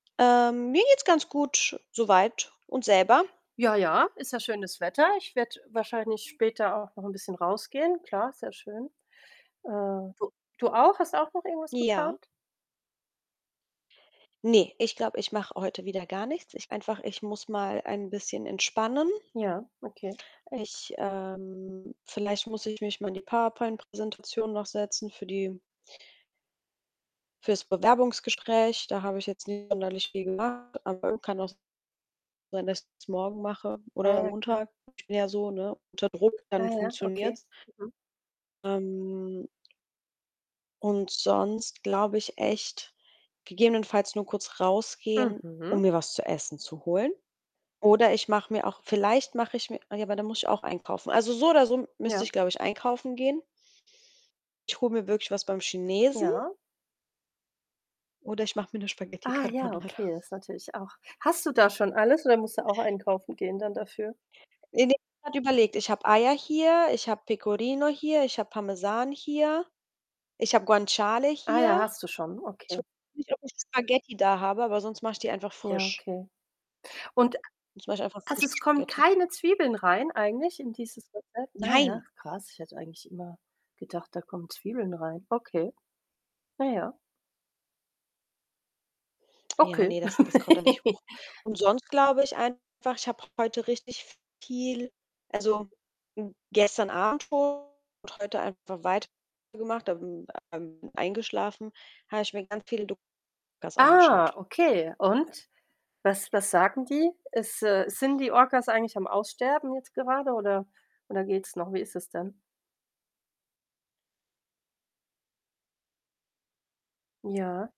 Ähm, mir geht's ganz gut so weit und selber? Ja, ja, ist ja schönes Wetter. Ich werde wahrscheinlich später auch noch 'n bisschen rausgehen. Klar, sehr schön. Äh, du du auch? Hast auch noch irgendwas Ja. geplant? Ne, ich glaube, ich mache heute wieder gar nichts. Ich einfach ich muss mal ein bisschen entspannen. Ja, okay. Ich ähm, vielleicht muss ich mich mal in die Power-Point Präsentation noch setzen für die für's Bewerbungsgespräch. Da habe ich jetzt nicht sonderlich viel gemacht, aber [unintelligible] kann auch sein, dass ich's morgen mache Ah, oder ja, klar. Montag, ich bin ja so, ne, unter Druck, Ah, dann ja, okay. funktioniert's. Mhm. Ähm und sonst glaube ich echt gegebenenfalls nur kurz rausgehen, um Mhm. mir was zu essen zu holen oder ich mache mir auch vielleicht mache ich mir ah, ja, aber dann muss ich auch einkaufen. Also, so oder so müsste ich, Ja. glaube ich, einkaufen gehen. Ich hole mir wirklich was beim Chinesen Ja. oder ich mache mir 'ne Spaghetti Ah ja, Carbonara. okay, ist natürlich auch hast du da schon alles oder musst du auch einkaufen gehen dann dafür? Ne, ne, [unintelligible] grad überlegt. Ich habe Eier hier, ich habe Pecorino hier, ich habe Parmesan hier, ich habe Guanciale Ah ja, hier. hast du schon, Ich okay. weiß nicht, ob ich Spaghetti da habe, aber sonst mache ich die einfach Ja, frisch. okay, und Sonst mache ich einfach also, frische es kommen Spaghetti. keine Zwiebeln rein eigentlich in dieses Rezept? Ah ja, Nein! krass. Ich hätte eigentlich immer gedacht, da kommen Zwiebeln rein. Okay. Ah, ja. Ja, Okay. ne, das das kommt da nicht hoch. Und sonst glaube ich einfach, ich habe heute richtig viel also, gestern Abend schon und heute einfach weiter gemacht, dann, ähm, eingeschlafen, habe ich mir ganz viele [unintelligible] angeschaut. Ah, okay, und, was was sagen die? Ist, äh sind die Orkas eigentlich am Aussterben jetzt gerade oder oder geht's noch? Wie ist es denn? Ja.